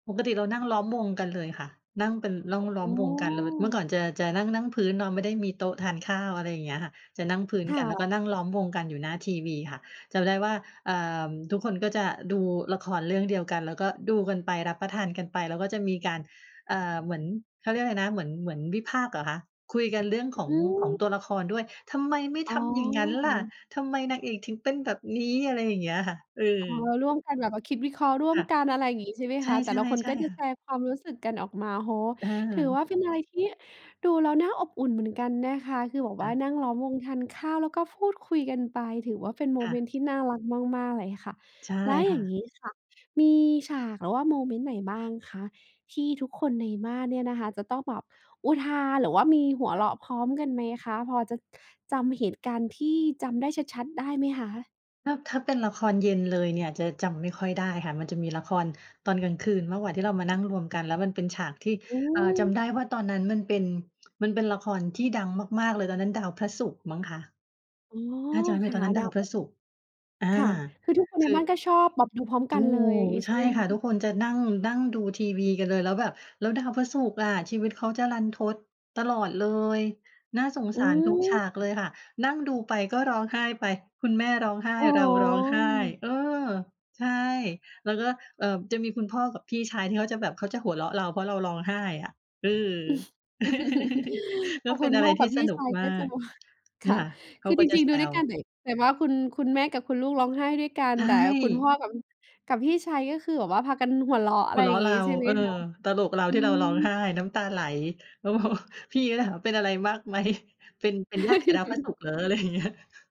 ปกติเรานั่งล้อมวงกันเลยค่ะ นั่งเป็น ล่อง ล้โออม้ วงกันเลย เมื่อก่อน จะ จะ นั่ง นั่งพื้นเนาะ ไม่มีโต๊ะทานข้าว อะไรอย่างเงี้ยค่ะ จะนั่งพื้นคก่ัน แล้วกะ ็นั่งล้อมวงกันอยู่หน้าทีวีค่ะ จำได้ว่า เอ่อ ทุกคนก็จะดูละครเรื่องเดียวกัน แล้วก็ดูกันไป รับประทานกันไป แล้วก็จะมีการ เอ่อ เหมือน เขาเรียกอะไรนะ เหมือน เหมือนวิพากษ์เหรอคะ คุยกันเรื่อง ขออง ของือ ตัวละครด้วย ทำไมไม่อ๋ทำอย่างงั้นล่ะ อ ทำไมนางเอกถึงเป็นแบบนี้ อะไรอย่างเงี้ยค่ะ เออ๋อ อ ร่วมกันแบบว่าคิดวิเคราะห์ร่วคม่ะ กัน อะไรอย่างงี้ ใช่ไหมใชค่ ะ แต่ละคนๆ ใชก่็จะค่แชะ ร์ความรู้สึกกันออกมา โอ้โฮ เอถืออ ว่าเป็นอะไรที่ดูแล้วน่าอบอุ่นเหมือนกันนะคะ คือแบบคว่่าะ นั่งล้อมวงทานข้าว แล้วก็พูดคุยกันไป ถือว่าเป็นโมค่เมะ นต์ที่น่ารักมาก ๆ เลยค่ะ ใช่แล้วคอย่่างะ งี้ค่ะ มีฉาก หรือว่าโมเมนต์ไหนบ้างคะที่ทุกคนในบ้านเนี่ยนะคะ จะต้องแบบอุทาน หรือว่ามีหัวเราะพร้อมกันไหมคะ พอจะจำเหตุการณ์ที่จำได้ชัด ๆได้ไหมคะ? ถ้า ถ้าเป็นละครเย็นเลยเนี่ย จะจำไม่ค่อยได้ค่ะ มันจะมีละครตอนกลางคืนมากกว่า ที่เรามานั่งรวมกัน แล้วมันเป็นฉากที่ อือ่า จม ำได้ว่าตอนนั้นมันเป็น มันเป็นละครที่ดังมาก ๆ เลย ตอนนั้นดาวพระศุกร์มั้งคะ อ๋อ ถ้าจำไม่ผคิด่ะ ตอนนั้นดดาาววพพรระะศศุกร์ ุกอรา ์ ค่ะ คือทุกคนใคนือ บ้านก็ชอบแบบดูพร้อมถกัูนเลยอย่างก งี้ใใชช่่ไหมคค่ะ? ะ ทุกคนจะ นั่ง นั่งดูทีวีกันเลยแล้วแบบ แล้วดาวพระศุกร์อะ ชีวิตเขาจะรันทด ตลอดเลย น่าสงอสืารทุกฉาม กเลยค่ะ นั่งดูไปก็ร้องไห้ไป คุณแม่ร้องไห้ อ๋อ เราร้องไห้ เออ ใช่ แล้วก็ เอ่อ จะมีคุณพ่อกับพี่ชายที่เขาจะแบบเขาจะหัวเราะเรา เพราะเราร้องไห้อะ เออ แลพ้อวเคป็ุนณอะพไร่อทกีั่บพสี่นุชกายมกา็จะก มา คนี่่ะ ค่ะเขคาือก็จจะริง แๆ ซดูด้วยกันว เลย แต่ว่า คุณ คุณแม่กับคุณลูกร้องไห้ด้วยกัน ใชแต่คุณพ่ ่อ กับ กับพี่ชาย ก็คือแบบว่าพากันหัวเราะ อหะไัรวเรอยา่ะางเงรี้ า ใช่ไหเมออ คะ? ตลกเราอืที่เราร้องไหม ้น้ำตาไหล แล้ว พอ พี่เขาเลยถามเป็นอะไร มากไหม? เป็น เป็นญาติกับดาวพระศุกร์เหรอ? อะไรอย่างเงี้ย